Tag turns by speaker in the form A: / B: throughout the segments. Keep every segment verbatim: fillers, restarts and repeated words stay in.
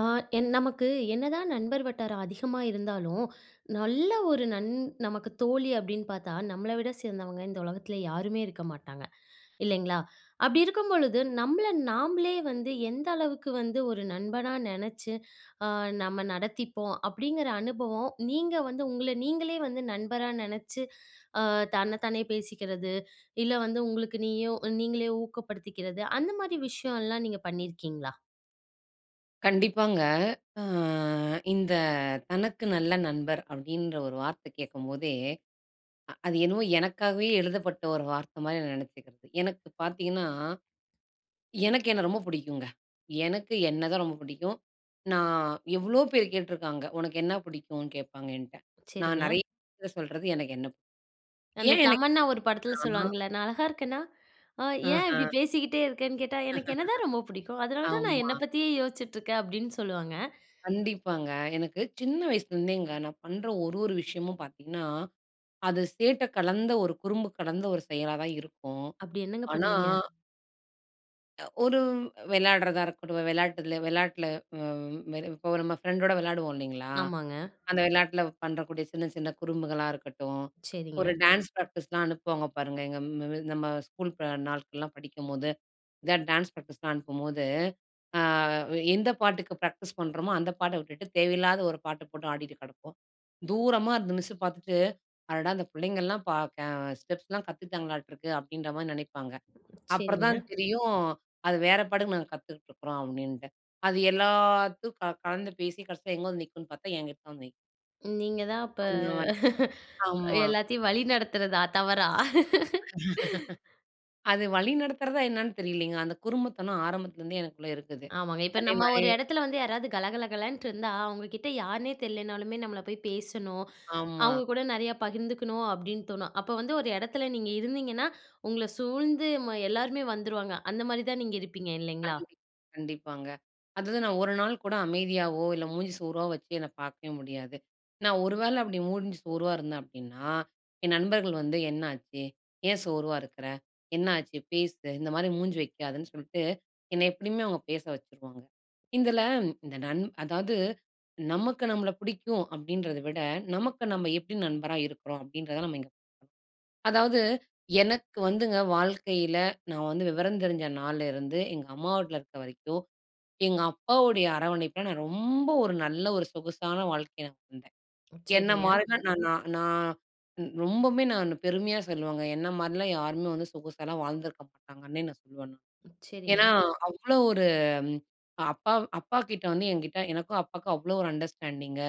A: ஆ என் நமக்கு என்னதான் நண்பர் வட்டாரம் அதிகமா இருந்தாலும், நல்ல ஒரு நன் நமக்கு தோழி அப்டின்னு பாத்தா, நம்மள விட சிறந்தவங்க இந்த உலகத்துல யாருமே இருக்க மாட்டாங்க இல்லைங்களா. அப்டி இருக்கும்பொழுது நம்மள நாமளே வந்து எந்த அளவுக்கு வந்து ஒரு நண்பனா நெனைச்சு, ஆ நம்ம நடத்திப்போம் அப்டிங்குற அனுபவம் நீங்க வந்து உங்கள நீங்களே வந்து நண்பரா நெனச்சு, அ தன்ன தானே பேசிக்குறது, இல்ல வந்து உங்களுக்கு நீயும் நீங்களே ஊக்கப்படுத்திக்குறது, அந்த மாரி விஷயம்லாம் நீங்க பண்ணியிருக்கீங்களா?
B: கண்டிப்பாங்க. அ இந்த தனக்கு நல்ல நண்பர் அப்டின்ற ஒரு வார்த்த கேட்கும்போதே, அ அது என்னமோ எனக்காகவே எழுதப்பட்ட ஒரு வார்த்த மாரி நெனச்சுக்குறது. எனக்கு பாத்தீங்கன்னா, எனக்கு என்ன ரொம்ப பிடிக்குங்க. எனக்கு என்ன தான் ரொம்ப பிடிக்கும். நான் எவ்ளோ பேரு கேட்டுருக்காங்க, "உனக்கு என்ன பிடிக்குனு கேப்பாங்க?" என்ட நான்
A: செரிங்க.
B: நெறய பேருட்ட சொல்றது எனக்கு என்ன பிடிக்கும்.
A: அந்த
B: ஏன் எனக்கு என்ன
A: தமன்னா ஒரு படத்துல
B: பிடிக்கும்னா?
A: சொல்லுவாங்கல்ல, "நான் அழகா இருக்கேனா?" அ "ஏன் இப்டி
B: அஹ.
A: பேசிட்டே இருக்கன்னு?" கேட்டா, "எனக்கு என்ன தான் ரொம்ப புடிக்கும். அதனால தான் நான்
B: ஆமா.
A: என்ன பத்தியே யோசிச்சுட்டுருக்க" அப்டின்னு சொல்லுவாங்க.
B: கண்டிப்பாங்க, எனக்கு சின்ன வயசுலருந்தேங்க நான் பண்ற ஒரு, ஒரு விஷயமும் பாத்தீங்கன்னா, அது சேட்ட கலந்த ஒரு குறும்பு கலந்த ஒரு செயலா தான் இருக்கும்,
A: அப்டி என்னங்க
B: ஆனா
A: பண்ணுவீங்க?
B: அ ஒரு வெளையாடுறதா இருக்கட்டும், வெளையாட்டுல வெளையாட்டுல அ இப்ப நம்ம ஃப்ரெண்டோட வெளையாடுவோம் இல்லைங்களா?
A: ஆமாங்க.
B: அந்த வெளையாட்டுல பண்றக்கூடிய சின்ன சின்ன குறும்புகளா இருக்கட்டும், ஒரு
A: சரிங்க.
B: டான்ஸ் ப்ராக்டிஸ்லாம் அனுப்புவாங்க பாருங்க. எங்க ம நம்ம ஸ்கூல் ப நாட்கள்லாம் படிக்கும்போது இந்த டான்ஸ் ப்ராக்டிஸ்லாம் அனுப்பும்போது, ஆ எந்த பாட்டுக்கு ப்ராக்டிஸ் பண்ணுறோமோ அந்த பாட்ட விட்டுட்டு, தேவையில்லாத ஒரு பாட்டு போட்டு ஆடிட்டு கெடப்போம். தூரமா அந்த மிஸ் பார்த்துட்டு அடடா! அந்த பிள்ளைங்கல்லாம் ப கெ ஸ்டெப்ஸ்லாம் கத்துக்கிட்டாங்களாட்டுருக்கு அப்டின்ற மாரி நெனைப்பாங்க. அப்புறம்
A: சரிங்க.
B: தான் தெரியும் அது வேற பாட்டுக்கு நாங்க கத்துக்கிட்டுருக்றோம் அப்டின்டு. அது எல்லாத்தும் க கலந்து பேசி கடைசியில எங்கு வந்து நிக்கும்ன்னு பார்த்தா, என்கிட்ட தான் நிக்கும்.
A: நீங்க தான் அப்ப,
B: அந்த மாரி ஆமா.
A: எல்லாத்தையும் வழிநடத்துறதா தவறா?
B: அது வழிநடத்துறதா என்னான்னு தெரியலைங்க. அந்த குறும்புத்தனம் ஆரம்பத்துலருந்தே எனக்குள்ள இருக்குது.
A: ஆமாங்க. இப்ப நம்ம
B: அதேமாரி
A: ஒரு இடத்துல வந்து யாராவது கலகலகலன்ட்டு இருந்தா, அவங்க கிட்ட யாருன்னே தெரியலனாலுமே நம்மளா போய் பேசணும்,
B: ஆமா.
A: அவங்க கூட நெறையா பகிர்ந்துக்கணும் அப்டின்னு தோணும். அப்ப வந்து ஒரு எடத்துல நீங்க இருந்தீங்கன்னா, உங்கள சூழ்ந்து ம எல்லாருமே வந்துருவாங்க. அந்த மாரி தான் நீங்க இருப்பீங்க இல்லைங்களா?
B: கண்டிப் கண்டிப்பாங்க. அதாவது நான் ஒரு நாள் கூட அமைதியாவோ இல்ல மூஞ்சி சோர்வா வச்சு என்ன பார்க்கவே முடியாது. நான் ஒரு வேள அப்டி மூஞ்சி சோர்வா இருந்தேன் அப்டின்னா, என் நண்பர்கள் வந்து என்னாச்சு? ஏன் சோர்வா இருக்கற? என்ன ஆச்சு? பேசு இந்த மாரி மூஞ்சி வைக்காதன்னு சொல்ட்டு, என்னை எப்டியுமே அவங்க பேச வச்சுருவாங்க. இதில இந்த நன் அதாவது நமக்கு நம்மள புடிக்கும் அப்டின்றத விட, நமக்கு நம்ம எப்டி நண்பரா இருக்றோம்? அப்டின்றத நம்ம இங்க அதாவது எனக்கு வந்துங்க வாழ்க்கையில, நான் வந்து விவரம் தெரிஞ்ச நாள்லருந்து, எங்க அம்மா வீட்ல இருக்கிற வரைக்கும் எங்க அப்பாவுடைய அரவணைப்பில நான் ரொம்ப ஒரு நல்ல ஒரு சொகுசான வாழ்க்கையா நான் இருந்தேன். என்னை
A: சரிங்க.
B: மாரிலாம் நான் நான் நான் ரொம்பமே நான் பெருமையா சொல்லுவங்க என்னை மாரிலாம் யாருமே வந்து சொகுசாகலாம் வாழ்ந்துருக்க மாட்டாங்கன்னே நான் சொல்லுவேன் நானு. ஏனா,
A: சரிங்க.
B: அவ்வளோ ஒரு அப்பா வ் அப்பா கிட்ட வந்து, என்கிட்ட எனக்கும் அப்பாவுக்கும் அவ்வளோ ஒரு அண்டர்ஸ்டாண்டிங்கு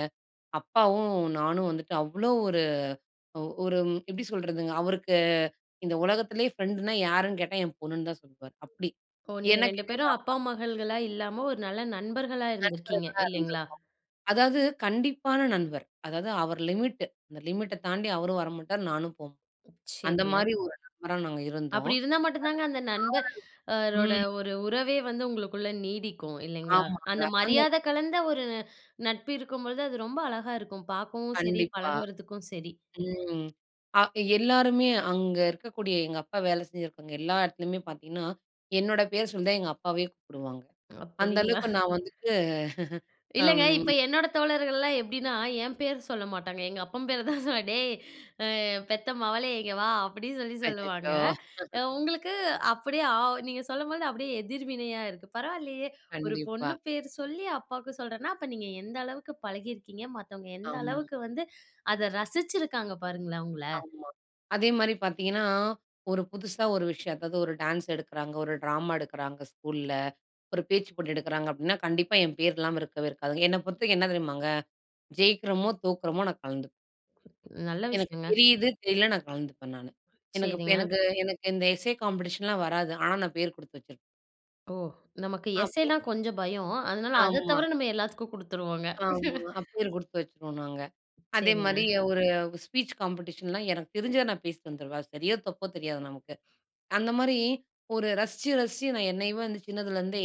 B: அப்பாவும் நானும் வந்துட்டு, அவ்வளோ ஒரு ஒரு எப்டி சொல்றதுங்க? அவருக்கு இந்த உலகத்திலேயே பிரெண்ட்ன்னா யாருன்னு கேட்டா என் பொண்ணுன்னு தான் சொல்வாரு அப்டி.
A: ஓ! நீங்க
B: என்ன
A: ரெண்டு
B: கேட்ட எங்க
A: பேரும்
B: அப்பா
A: அப்பா,
B: தான்.
A: மகள்களா இல்லாம ஒரு நல்ல நண்பர்களா இருந்திருக்கீங்க
B: நண்பர்களா
A: இல்லைங்களா?
B: இருந்துருக்கோம். அதாவது கண்டிப்பான நண்பர். அதாவது அவர் லிமிட்டு அந்த லிமிட்ட தாண்டி அவரும் வரமாட்டார். நானும் போமாட்டேன். அந்த
A: சரிங்க.
B: மாரி ஒரு நண்பரா நாங்க இருந்தோம்.
A: அப்டி இருந்தா மட்டும் தாங்க அந்த நண்பர்ரோட
B: [unintelligible] ம்.
A: ஒரு உறவே வந்து உங்களுக்குள்ள நீடிக்கும். இல்லைங்களா?
B: ஆமாங்க.
A: அந்த
B: அந்த
A: மரியாத கலந்த ஒரு நட்பு இருக்கும் பொழுது அது ரொம்ப அழகா இருக்கும். பார்க்கவும் சரி,
B: கண்டிப்பா.
A: பழகுறதுக்கும் சரி.
B: ம் அ எல்லாருமே அங்க இருக்கக்கூடிய எங்க அப்பா வேலை செஞ்சிருக்கவங்க எல்லா இடத்துலயுமே பார்த்தீங்கன்னா, என்னோட பேரு சொல்லி தான் எங்க அப்பாவயே கூப்பிடுவாங்க. அந்த
A: அப்டிங்களா?
B: அளவுக்கு நான் வந்துட்டு
A: இல்லங்க. இப்ப
B: அம்.
A: என்னோட தோழர்கள்லாம் எப்டின்னா, என் பேரு சொல்ல மாட்டாங்க எங்க அப்பன் பேர தான் சொல்லுவாங்க. டேய் ஆ பெத்த மவளே இங்கே வா? அப்டின்னு சொல்லி
B: அச்சச்சோ!
A: சொல்லுவாங்க. அ உங்களுக்கு அப்டியே ஆ நீங்க சொல்லும்போது அப்டியே எதிர்வினையா இருக்கு. பரவாயில்லையே ஒரு
B: கண்டிப்பா.
A: பொண்ணு பேர் சொல்லி அப்பாவுக்கு சொல்றன்னா அப்ப நீங்க எந்த அளவுக்கு பழகியிருக்கீங்க. மத்தவங்க எந்த
B: ஆம்.
A: அளவுக்கு வந்து அத ரசிச்சிருக்காங்க பாருங்களேன் உங்கள.
B: ஆமா. அதே மாரி பார்த்தீங்கன்னா, ஒரு புதுசா ஒரு விஷயம் அதாவது ஒரு டான்ஸ் எடுக்கிறாங்க, ஒரு டிராமா எடுக்கிறாங்க ஸ்கூல்ல. ஒரு பேச்சு போட்டி எடுக்கிறாங்க அப்டின்னா, கண்டிப்பா என் பெயர் இல்லாம இருக்கவே இருக்காது. என்னை பொறுத்தவரைக்கும் என்ன தெரியுமாங்க? ஜெயிக்கிறோமோ தோற்கிறோமோ நான் கலந்துக்குவேன்.
A: நல்ல
B: எனக்கு
A: விஷயங்க.
B: தெரியுது, தெரியல நான் கலந்துப்பேன் நானு. எனக்கு இப்ப
A: சரிங்க.
B: எனக்கு எனக்கு இந்த எஸ்ஸே காம்பிடேஷன்லாம் வராது. ஆனா நான் பேர் கொடுத்து வச்சிருப்பேன்.
A: ஓ! நமக்கு
B: அப்புறம்
A: எஸ்ஸேல்லாம் கொஞ்சம் பயம். அதனால அத
B: ஆமா.
A: தவிர, நம்ம எல்லாத்துக்கும் குடுத்துருவோங்க.
B: ஆமா. அ பேரு குடுத்து வச்சுருவோம் நாங்க.
A: சரிங்க.
B: அதேமாரி ஒரு ஸ்பீச் காம்படேஷன்லாம் எனக்கு தெரிஞ்சத நான் பேசிட்டு வந்துருவேன். அது சரியோ! தப்போ! தெரியாது நமக்கு. அந்தமாரி ஒரு ரசிச்சு ரசிச்சு நான் என்னையவ வந்து சின்னதுல இருந்தே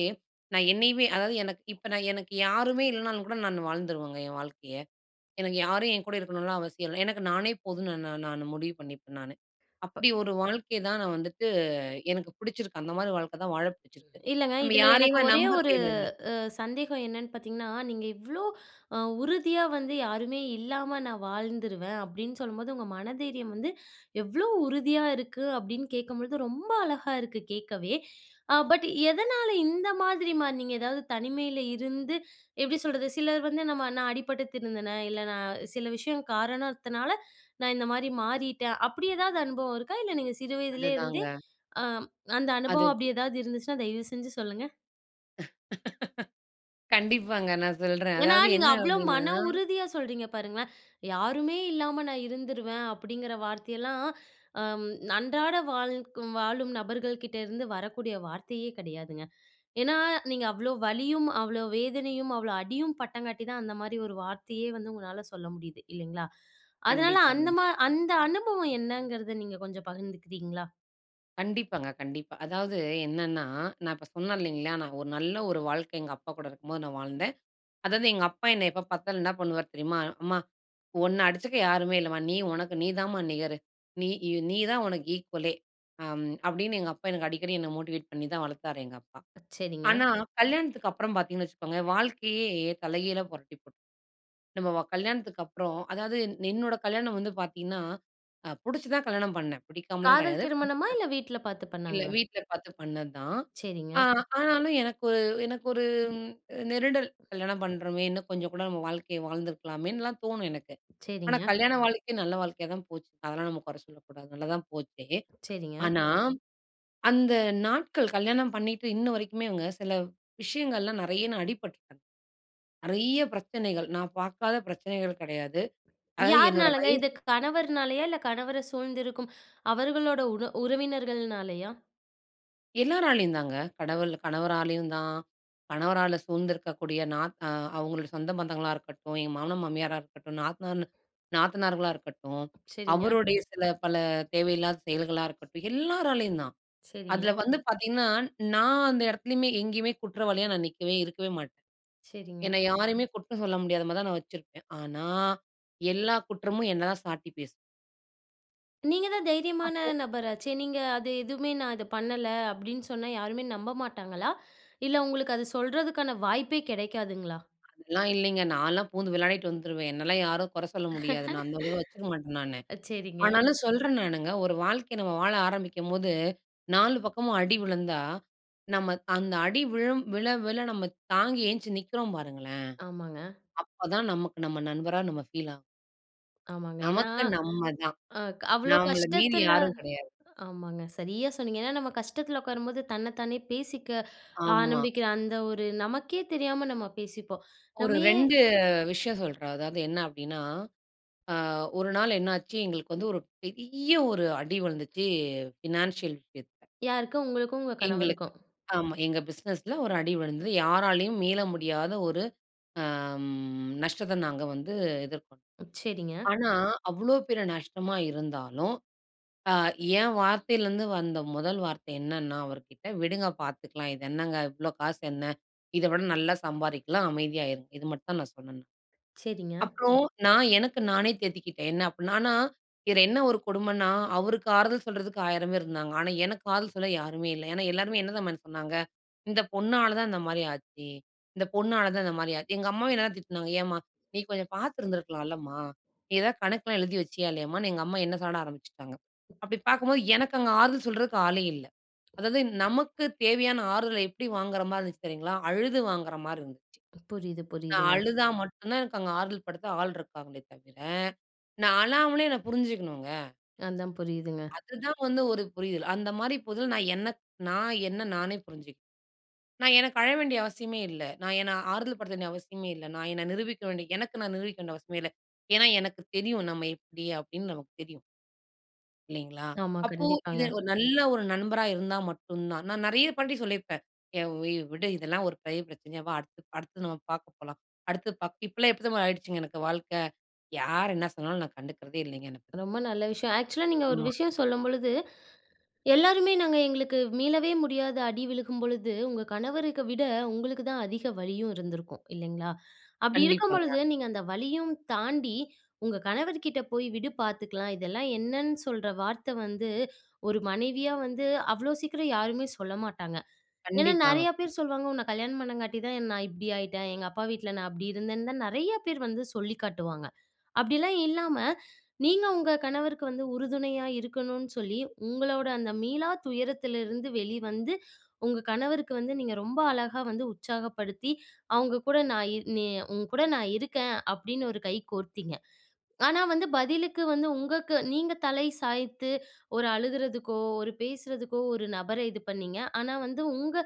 B: நான் என்னையவே அதாவது, எனக்கு இப்ப நான், எனக்கு யாருமே இல்லனாலும் கூட, நானு வாழ்ந்துருவேங்க. என் வாழ்க்கைய. எனக்கு யாரும் என் கூட இருக்கணுன்லாம் அவசியம் இல்ல. எனக்கு நானே போதும்ன்னு நா நா நானு முடிவு பண்ணிப்பேன் நானு!
A: ப
B: அப்பிடி ஒரு வாழ்க்கைய தான் நான் வந்துட்டு எனக்கு புடிச்சிருக்கு, அந்தமாரி வாழ்க்க தான் வாழ பிடிச்சிருக்கு.
A: இல்லங்க.
B: நம்ம
A: இதில எனக்கு
B: யாரையுமே
A: ஒரே
B: நம்ப
A: ஒரு
B: தேவையில்ல.
A: அ சந்தேகம் என்னன்னு பார்த்தீங்கன்னா, நீங்க இவ்ளோ அ உறுதியா வந்து, "யாருமே இல்லாம நான் வாழ்ந்துருவேன்." அப்பிடின்னு சொல்லும்போது, உங்க மன தைரியம் வந்து எவ்ளோ உறுதியா இருக்கு? அப்பிடின்னு கேட்கும்பொழுது ரொம்ப அழகா இருக்கு, கேட்கவே. அ பட் எதனால இந்த மாதிரி மாறுனீங்க? எதாவது தனிமையில இருந்து, எப்பிடி சொல்றது? சிலர் வந்து நம்ம "நான் அடிபட்டு திருந்துனேன், இல்ல, நான் சில விஷயம் காரணத்தினால நான் இந்தமாரி மாறிட்டேன்." அப்பிடி எதாவது அனுபவம் இருக்கா? இல்ல நீங்க சிறு வயதிலேயே இருந்தே
B: அதுதாங்க.
A: ஆ அந்த அனுபவம்
B: அது.
A: அப்பிடி எதாவது இருந்துச்சுன்னா, தயவுசெஞ்சு சொல்லுங்க.
B: கண்டிப்பாங்க, நான் சொல்றேன்.
A: ஏன்னா,
B: அதாவது
A: நீங்க
B: என்ன
A: அவ்ளோ
B: அப்படின்னா
A: மன உறுதியா சொல்றீங்க பாருங்களேன். "யாருமே இல்லாம நான் இருந்துருவேன்." அப்படிங்கிற வார்த்தையெல்லாம், அம் அன்றாட வாழ்க வாழும் நபர்கள் கிட்டேருந்து வரக்கூடிய வார்த்தையே கிடையாதுங்க. ஏன்னா நீங்க அவ்ளோ வலியும், அவ்ளோ வேதனையும், அவ்ளோ அடியும் பட்டங்காட்டி தான் அந்த மாதிரி ஒரு வார்த்தையே வந்து உங்கனால சொல்ல முடியுது. இல்லைங்களா! அதனால அந்த
B: கண்டிப்பாங்க.
A: மா அந்த அனுபவம் என்னங்கிறத நீங்க கொஞ்சம் பகிர்ந்துக்கிறீங்களா?
B: கண்டிப்பாங்க, கண்டிப்பா. அதாவது என்னன்னா நான் இப்ப சொன்னேன் இல்லைங்களா, நான் ஒரு நல்ல ஒரு வாழ்க்கை எங்க அப்பா கூட இருக்கும்போது, நான் வாழ்ந்தேன். அதாவது எங்க அப்பா, என்னை எப்போ பார்த்தாலும் என்ன பண்ணுவார் தெரியுமா "அம்மா, உன்ன அடிச்சுக்க யாருமே இல்லம்மா. நீ உனக்கு நீதான்மா நிகரு. நீ நீதான் உனக்கு ஈக்வலே." அம் அப்படின்னு எங்க அப்பா எனக்கு அடிக்கடி என்ன மோட்டிவேட் பண்ணி தான் வளர்த்தார் எங்க அப்பா.
A: சரிங்க.
B: ஆனா கல்யாணத்துக்கு அப்புறம் பார்த்தீங்கன்னு வச்சுக்கோங்க, வாழ்க்கையே தலைகீழா புரட்டி போட் நம்ம வ கல்யாணத்துக்கு அப்புறம் அதாவது என்னோட கல்யாணம் வந்து பார்த்தீங்கன்னா, அ புடுச்சு தான் கல்யாணம் பண்ணேன், பிடிக்காமலாம்
A: காதல்
B: கிடையாது.. [unintelligible]
A: திருமணமா, இல்ல வீட்டுல பார்த்து
B: இல்ல,
A: பண்ணாங்களா?
B: வீட்டுல பார்த்து பண்ணதுதான். அ
A: சரிங்க.
B: ஆனாலும் எனக்கு ஒரு, எனக்கு ஒரு ம் நெருடல் "கல்யாணம் பண்ணுறோமே, இன்னும் கொஞ்சம் கூட நம்ம வாழ்க்கையை வாழ்ந்திருக்கலாமேன்னுலாம்" தோணும் எனக்கு. ஆனா
A: சரிங்க.
B: கல்யாண வாழ்க்கை நல்ல வாழ்க்கையா தான் போச்சு. அதெல்லாம் நம்ம குறை சொல்லக்கூடாது, நல்லாதான் போச்சு.
A: சரிங்க.
B: ஆனா அந்த நாட்கள் கல்யாணம் பண்ணிட்டு இன்ன வரைக்குமே இவங்க சில விஷயங்கள்லாம் நிறைய நா அடிபட்டுட்டேன். நிறைய பிரச்சனைகள், நான் பார்க்காத பிரச்சனைகள் கிடையாது. அதாவது என்னோட
A: யார்னாலங்க
B: வயசு
A: இது? கணவர்னாலையா, இல்ல கணவர சூழ்ந்திருக்கும், அவர்களோட உன உறவினர்கள்னாலயா?
B: எல்லாராலையும் தாங்க. கடவுள் கணவராலயும் தான், கணவரால சூழ்ந்திருக்கக்கூடிய நாத் ஆ அவுங்களோட சொந்த பந்தங்களா இருக்கட்டும், என் மாமனார், மாமியாரா இருக்கட்டும், நாத்தனார்ன்னு நாத்தனார்களாக இருக்கட்டும்,
A: செரிங்க.
B: அவருடய சில பல தேவையில்லாத செயல்களா இருக்கட்டும், எல்லாராலயும் தான். அதுல
A: செரிங்க.
B: வந்து பாத்தீங்கன்னா, நான் அந்த இடத்துலயுமே, எங்கயுமே குற்றவாளியா நான் நிக்கவே, இருக்கவே மாட்டேன்.
A: செரிங்க.
B: என்ன யாரையுமே குற்றம் சொல்ல முடியாத மாரி தான் நான் வச்சுருப்பேன். ஆனா, எல்லா குற்றமும் என்ன தான் சாட்டி பேசும்.
A: நீங்க தான் தைரியமான
B: அப்போ,
A: நபராச்சே! நீங்க அது எதுவுமே நான் அத பண்ணல, அப்பிடின்னு சொன்னா யாருமே நம்ப மாட்டாங்களா? இல்ல உங்களுக்கு அது சொல்றதுக்கான வாய்ப்பே கெடைக்காதுங்களா?
B: அதெல்லாம் இல்லீங்க, நான்லாம் பூந்து விளையாடிட்டு வந்துருவேன், என்னலாம் யாரும் குற சொல்ல முடியாது. நான் அந்த [unintelligible] வச்சுக்க மாட்டேன் நானு.
A: அ செரிங்க.
B: ஆனாலும் சொல்றன் நானுங்க, ஒரு வாழ்க்கை நம்ம வாழ ஆரம்பிக்கும்போது, நாலு பக்கமும் அடி விழுந்தா, நம்ம அ அந்த அடி விழும் விழ, விழ நம்ம தாங்கி எழுந்ச்சி நிக்கிறோம் பாருங்களேன்!
A: ஆமாங்க.
B: அப்ப தான் நமக்கு நம்ம நண்பரா நம்ம ஃபீல் ஆ
A: ஆமாங்க. ஏன்னா,
B: நமக்கு நம்ம தான்,
A: அ அவ்ளோ
B: நாம்மள மீறி
A: கஷ்டத்துல
B: யாரும் கெடையாது.
A: ஆமாங்க. சரியா சொன்னீங்க. ஏன்னா நம்ம கஷ்டத்துல உட்காரும்போது தன்ன தானே பேசிக்க
B: ஆமா.
A: ஆரம்பிக்குற அந்த ஒரு நமக்கே தெரியாம நம்ம பேசிப்போம்.
B: ஒரு
A: நம்ம ஏன்
B: ரெண்டு விஷயம் சொல்றேன். அதாவது என்ன அப்பிடின்னா, அ ஒரு நாள் என்ன ஆச்சு? எங்களுக்கு வந்து ஒரு பெரிய ஒரு அடி விழுந்துச்சு. ஃபினான்சியல் விஷயத்துல.
A: யாருக்கு? உங்களுக்கும் உங்க
B: எங்களுக்கு
A: கணவருக்கும்.
B: ஆமா எங்க பிஸ்னஸ்ல ஒரு அடி விழுந்தது. யாராலயும் மீள முடியாத ஒரு அம் நஷ்டத்த நாங்க வந்து எதிர்கொண்டோம்.
A: அ, செரிங்க.
B: ஆனா, அவ்ளோ பெரிய நஷ்டமா இருந்தாலும், ஆ என் வார்த்தைல இருந்து வந்த முதல் வார்த்த என்னென்ன அவர்கிட்ட, விடுங்க பாத்துக்கலாம். இது என்னங்க? இவ்ளோ காசு என்ன? இத விட நல்லா சம்பாரிக்கலாம் அமைதியாயிருங்க. இது மட்டும் நான் சொன்னேன் நான்.
A: செரிங்க.
B: அப்றோம் நான் எனக்கு நானே தேத்திக்கிட்டேன், என்ன அப்புட்ன்னா ஆனா இது என்ன ஒரு கொடுமன்னா, அவருக்கு ஆறுதல் சொல்றதுக்கு ஆயிரம் பேரு இருந்தாங்க, ஆனா எனக்கு ஆறுதல் சொல்ல யாருமே இல்ல. ஏன்னா எல்லாருமே என்னதம்மான்னு சொன்னாங்க, இந்த பொண்ணால தான் இந்தமாரி ஆச்சு, இந்த பொண்ணால தான் இந்தமாரி ஆச்சு. எங்க அம்மாவும் என்னதான் திட்டுனாங்க. ஏன்ம்மா! நீ கொஞ்சம் பார்த்திருந்திருக்கலாம்லம்மா! நீ எதாவது கணக்குலாம் எழுதி வச்சியா இல்லயாம்மான்னு, எங்க அம்மா என்ன சாட ஆரம்பிச்சுட்டாங்க. அப்பிடி பாக்கும்போது எனக்கு அங்க ஆறுதல் சொல்றதுக்கு ஆளே இல்ல. அதாவது நமக்கு தேவையான ஆறுதல எப்பிடி வாங்குற மாரி இருந்துச்சு தெரியுங்களா! அழுது வாங்குறமாரி இருந்துச்சு.
A: புரியுது,
B: நான்
A: புரியுதுங்க.
B: அழுதா மட்டும் தான் அங்க ஆறுதல் படுத்த ஆள் இருக்காங்களே தவிர, நான் அழாமலே என்ன புரிஞ்சுக்கணுங்க.
A: அதான், புரியுதுங்க.
B: அது தான் வந்து ஒரு புரிதல். அந்தமாரி [unintelligible] நான் என்ன நான் என்ன நானே புரிஞ்சிக் நான் எனக்கு அழ வேண்டிய அவசியமே இல்ல. நான் என்னை ஆறுதல் படுத்த வேண்டிய அவசியமே இல்ல. நான் என்ன நிரூபிக்க வேண்டிய எனக்கு நான் நிரூபிக்க வேண்டிய அவசியமே இல்ல. ஏன்னா எனக்கு தெரியும். நம்ம எப்பிடி அப்பிடின்னு நமக்கு தெரியும் இல்லைங்களா.
A: ஆமா,
B: அப்போ இது
A: கண்டிப்பாங்க.
B: ஒரு நல்ல ஒரு நண்பரா இருந்தா மட்டும் தான். நான் நெறைய [unintelligible] சொல்லியிருப்பேன். ஏன் வி விடு இதெல்லாம் ஒரு பெரிய பிரச்சனையா, "வா அடுத்து, அடுத்து நம்ம பார்க்க போலாம்." அடுத்து பாக் இப்பல்லாம் எப்பிடி தெரியுமா ஆகிடுச்சுங்க எனக்கு வாழ்க்க யார் என்ன சொன்னாலும் நான் கண்டுக்கிறதே இல்லைங்க. [unintelligible]
A: ரொம்ப நல்ல விஷயம். ஆக்ஸூலா நீங்க ஒரு
B: ஆமா.
A: விஷயம் சொல்லும்பொழுது, எல்லாருமே நாங்க எங்களுக்கு மீளவே முடியாத அடி விழுகும்பொழுது, உங்க கணவருக்கு விட உங்களுக்கு தான் அதிக வலியும் இருந்திருக்கும், இல்லேங்களா. அப்பிடி
B: கண்டிப்பாங்க.
A: இருக்கும்பொழுது, நீங்க அந்த வலியும் தாண்டி உங்க கணவர்கிட்டே "போய் விடு பார்த்துக்கலாம்." இதெல்லாம் என்னன்னு சொல்ற வார்த்த வந்து ஒரு மனைவியா வந்து அவ்ளோ சீக்கிரம் யாருமே சொல்ல மாட்டாங்க. ஏன்னா
B: கண்டிப்பாங்க.
A: நெறையா
B: [unintelligible]
A: பேர் சொல்லுவாங்க, உன்ன கல்யாணம் பண்ணங்காட்டி தான் நான் இப்பிடி ஆயிட்டேன். எங்க அப்பா வீட்ல நான் அப்பிடி இருந்தேன்னு, தான் நெறையா பேரு வந்து சொல்லி காட்டுவாங்க. அப்பிடிலாம் இல்லாம, நீங்க உங்க கணவருக்கு வந்து உறுதுணையா இருக்கணுன்னு சொல்லி, உங்களோட அந்த மீளா துயரத்திலருந்து வெளி வந்து, உங்க கணவருக்கு வந்து நீங்க ரொம்ப அழகா வந்து உற்சாகப்படுத்தி, அவுங்க கூட நான் "நீ உன்கூட நான் இருக்கேன்." அப்பிடின்னு ஒரு கை கோர்த்தீங்க. ஆனா வந்து பதிலுக்கு வந்து உங்கக்கு நீங்க தலை சாய்த்து ஒரு அழுகுறதுக்கோ, ஒரு பேசுறதுக்கோ ஒரு நபர்ர இது பண்ணீங்க. ஆனா, வந்து உங்க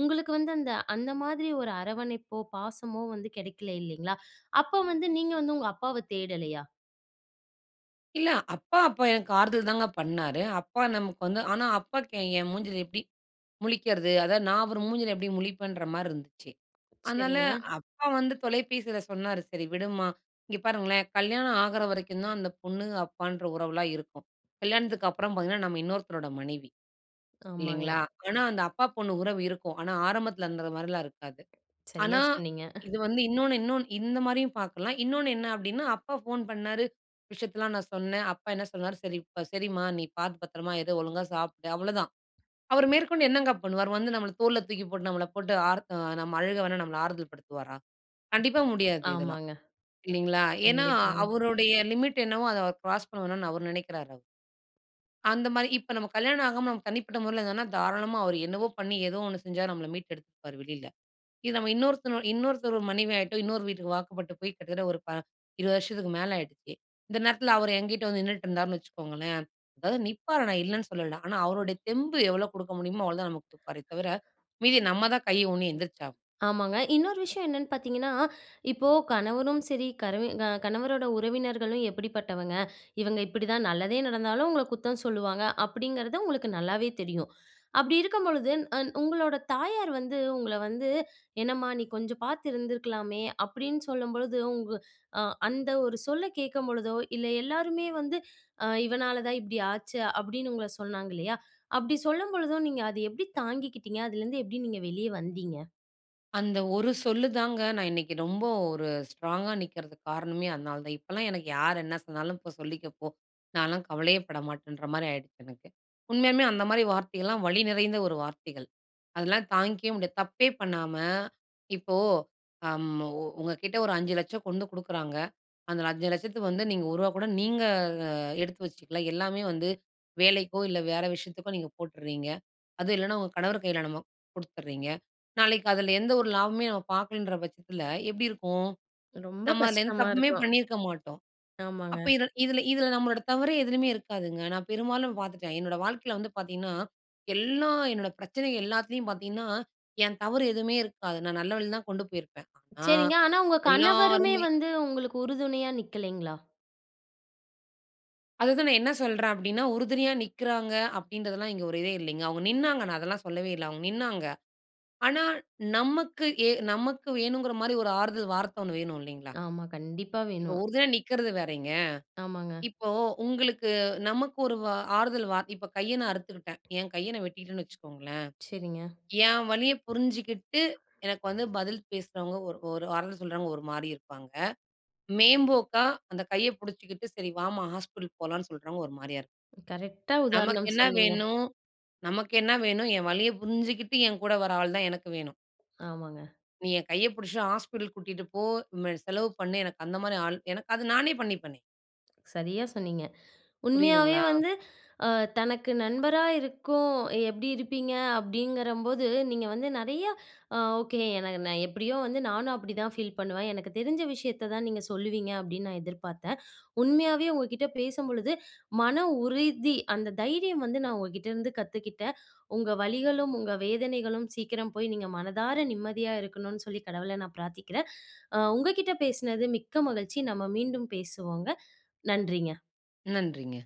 A: உங்களுக்கு வந்து அந்த, அந்த மாதிரி ஒரு அரவணைப்போ, பாசமோ வந்து கிடைக்கல இல்லேங்களா, அப்ப வந்து நீங்க வந்து உங்க அப்பாவ தேடலயா?
B: இல்ல அப்பா அப்ப எனக்கு ஆறுதல் தாங்க பண்ணாரு. அப்பா நமக்கு வந்து ஆனா அப்பாவுக்கு என் மூஞ்சில எப்படி முழிக்கிறது? அதாவது நான் ஒரு மூஞ்சியில எப்படி முழிப்பேன்ற மாரி இருந்துச்சு. அதனால
A: சரிங்க.
B: அப்பா வந்து தொலைபேசில சொன்னாரு "சரி விடும்மா" இங்க பாருங்களேன் கல்யாணம் ஆகுற வரைக்கும் தான் அந்த பொண்ணுங்க அப்பான்ற உறவுலாம் இருக்கும். கல்யாணத்துக்கு அப்றம் பாத்தீங்கன்னா, நம்ம இன்னொருத்தரோட மனைவி.
A: ஆமாங்க.
B: இல்லீங்களா? ஆனா அந்த அப்பா பொண்ணு உறவு இருக்கும். ஆனா ஆரம்பத்துல இருந்தது மாரிலாம் இருக்காது. ஆனா
A: சரியா சொன்னிங்க.
B: இது வந்து இன்னொன்னு இன்னொன்னு இந்த மாரியும் பாக்கலாம். இன்னொன்னு என்ன அப்டின்னா, அப்பா ஃபோன் பண்ணாரு விஷயத்தலாம் நான் சொன்னேன். அப்பா என்ன சொன்னார் "சரி சரிம்மா நீ பாத்து பத்திரமா இரு. ஒழுங்கா சாப்டு." அவ்ளோதான். அவர் மேற்கொண்டு என்னங்க பண்ணுவாரு? அவர் வந்து நம்மள தோல்ல தூக்கி போட்டு நம்மள போட்டு ஆறத் அ நம்ம அழுக வேணா நம்மள ஆறுதல் படுத்துவாரா? கண்டிப்பா முடியாது இதெல்லாம்.
A: ஆமாங்க.
B: இல்லிங்களா, ஏன்னா
A: கண்டிப்பாங்க.
B: அவருடைய லிமிட் என்னவோ அத அவர் க்ராஸ் பண்ண வேணான்னு அவரு நினைக்கிறாரு. அந்த மாரி, இப்ப நம்ம கல்யாணம் ஆகாம நம்ம தனிப்பட்ட முறையில இருந்தா தாராளமா அவர் என்னவோ பண்ணி ஏதோ ஒண்ணு செஞ்சு நம்மள மீட்டு எடுத்துருப்பாரு வெளில. இது நம்ம இன்னொருத்தன் இன்னொருத்தர் மனைவி ஆகிட்டோ இன்னொரு வீட்டுக்கு வாக்கப்பட்டு போய் கிட்டத்தட்ட ஒரு ப இருவது வருஷத்துக்கு மேல ஆகிடுச்சு. இந்த நேரத்துல அவரு என்கிட்ட வந்து நின்னுட்டு இருந்தாருன்னு வச்சுக்கோங்களேன். அதாவது நிப்பாரு நான் இல்லன்னு சொல்லல, ஆனா அவருடைய தெம்பு எவ்ளோ குடுக்க முடியுமோ அவ்ளோ தான் நமக்கு கொடுப்பாரே தவர, மீதி நம்ம தான் கை ஊணி எந்திரிச்சாகணும்.
A: ஆமாங்க, இன்னொரு விஷயம் என்னென்னு பாத்தீங்கன்னா, இப்போ கணவனும் சரி, கரவி கணவரோட உறவினர்களும் எப்படிப்பட்டவங்க இவங்க இப்டிதான் நல்லதே நடந்தாலும் உங்கள குத்தம் சொல்லுவாங்க. அப்படிங்கிறது உங்களுக்கு நல்லாவே தெரியும். அப்டி இருக்கும்பொழுது அந் உங்களோட தாயார் வந்து உங்கள வந்து" என்னம்மா நீ கொஞ்சம் பாத்து இருந்திருக்கலாமே." அப்டின்னு சொல்லும் பொழுது உங்க அ அந்த ஒரு சொல்ல கேட்கும்பொழுதோ இல்லை எல்லாருமே வந்து "இவனால தான் இப்டி ஆச்சு" அப்டின்னு உங்கள சொன்னாங்க இல்லையா அப்டி சொல்லும்பொழுதும் நீங்க அத எப்டி தாங்கிக்கிட்டீங்க? அதுலருந்து எப்டி நீங்க வெளிய வந்தீங்க?
B: அந்த ஒரு சொல்லு தாங்க, நான் இன்னைக்கு ரொம்ப ஒரு ஸ்ட்ராங்கா நிக்கறதுக்குக் காரணமே அதனாலதான். இப்பல்லாம் எனக்கு யார் என்ன சொன்னாலும், போ சொல்லிக்க போ! நான்லாம் கவலையே பட மாட்டேன்ன்ற மாரி ஆயிடுச்சு எனக்கு. உண்மையாலுமே அந்த மாரி வார்த்தைகள்லாம் வலிநிறைந்த ஒரு வார்த்தைகள். அதுல்லாம் தாங்கிக்கவே முடியாது. தப்பே பண்ணாம, இப்போ அம் ஒ உங்க கிட்ட ஒரு அஞ்சு லட்சம் கொண்டு குடுக்குறாங்க. அந்த அஞ்சு லட்சத்துக்கு வந்து, நீங்க ஒருவா கூட நீங்க எடுத்து வச்சுக்கல. எல்லாமே வந்து வேலைக்கோ, இல்ல வேற விஷயத்துக்கோ நீங்க போட்டுறீங்க. அதுவும் இல்லைனா, உங்க கணவர் கையில நம்ம குடுத்துட்றீங்க. நாளைக்கு அதில எந்த ஒரு லாபமே நம்ம பார்க்கலன்ற பட்சத்தில எப்படி இருக்கும்?
A: ரொம்ப
B: நம்ம அதுல எந்தத்
A: கஷ்டமா
B: தப்புமே
A: இருக்கும்.
B: பண்ணியிருக்க மாட்டோம்.
A: ஆமாங்க.
B: அப்ப இத இதுல இதுல நம்மளோட தவறே எதுலயுமே இருக்காதுங்க. நான் பெரும்பாலும் பார்த்துட்டேன். என்னோட வாழ்க்கையில வந்து பாத்தீங்கன்னா, எல்லா என்னோட பிரச்சனை எல்லாத்துலேயும் பாத்தீங்கன்னா, என் தவறு எதுவுமே இருக்காது. நான் நல்ல வழிலதான் கொண்டு போயிருப்பேன். ஆனா,
A: சரிங்க, ஆனா உங்க கணவருமே
B: எல்லாருமே
A: வந்து உங்களுக்கு உறுதுணையா நிக்கலைங்களா?
B: அதுதான் நான் என்னா சொல்றேன் அப்படீன்னா, "உறுதுணையா நிக்கிறாங்க" அப்படீன்றதெல்லாம் இங்க ஒரு இதே இல்லைங்க. அவுங்க நின்னாங்க. நான் அதெல்லாம் சொல்லவே இல்லை. அவுங்க நின்னாங்க. ஆனா நமக்கு, எ நமக்கு வேணும்ங்கிற மாரி ஒரு ஆறுதல் வார்த்த ஒண்ணு வேணும், இல்லைங்களா?
A: ஆமா. கண்டிப்பா
B: இப்போ
A: வேணும்.
B: உறுதுணையா நிக்கிறது வேறயிங்க.
A: ஆமாங்க.
B: இப்போ உங்களுக்கு நமக்கு ஒரு வ ஆறுதல் வார்த் இப்ப கைய நான் அறுத்துக்கிட்டேன். என் கைய நா வெட்டிக்ட்டேன்னு வச்சுக்கோங்களேன்.
A: சரிங்க.
B: என் வலியப் புரிஞ்சுகிட்டு, எனக்கு வந்து பதில் பேசுறவங்க, ஒரு ஒரு வார்த்த சொல்றவங்க, ஒரு மாரி இருப்பாங்க. மேம்போக்கா அந்தக் கையப் புடிச்சுகிட்டு, சரி வாம்மா, ஹாஸ்பிட்டல் போலாம்ன்னு சொல்றவங்க ஒரு மாரியா இரு
A: கரெக்டா
B: நமக்கு
A: உதாரணம்
B: என்ன
A: சொன்னீங்க.
B: வேணும்? நமக்கு என்ன வேணும்? என் வலிய புரிஞ்சுகிட்டு, என் கூட வர ஆள் தான் எனக்கு வேணும்.
A: ஆமாங்க.
B: நீ என் கைய புடிச்சுட்டு ஹாஸ்பிட்டல் கூட்டிட்டு போ, ம செலவு பண்ணு, எனக்கு அந்த மாரி ஆள் எனக்கு அது நானே பண்ணிப்பேனே.
A: சரியா சொன்னீங்க. உண்மையாவே
B: புரியுதுங்களா?
A: வந்து அ தனக்கு நண்பரா இருக்கும் "எப்படி இருப்பீங்க?" அப்படீங்கிறம்போது, நீங்க வந்து நெறையா அ ஓகே. எனக்கு நான் எப்படியோ வந்து, நானும் அப்படிதான் ஃபீல் பண்ணுவேன். "எனக்கு தெரிஞ்ச விஷயத்த தான் நீங்க சொல்லுவீங்க." அப்படீன்னு நான் எதிர்பாத்தேன். உண்மையாவே உங்க கிட்ட பேசம்பொழுது, மன உறுதி, அந்த தைரியம் வந்து நான் உங்ககிட்டேருந்து கத்துக்கிட்டேன். உங்க வலிகளும், உங்க வேதனைகளும் சீக்கிரம் போய், நீங்க மனதார நிம்மதியா இருக்கணும்ன்னு சொல்லி கடவுள நான் பிரார்த்திக்கிறேன். அ உங்க கிட்ட பேசினது மிக்க மகிழ்ச்சி. நம்ம மீண்டும் பேசுவோங்க. நன்றிங்க.
B: நன்றிங்க.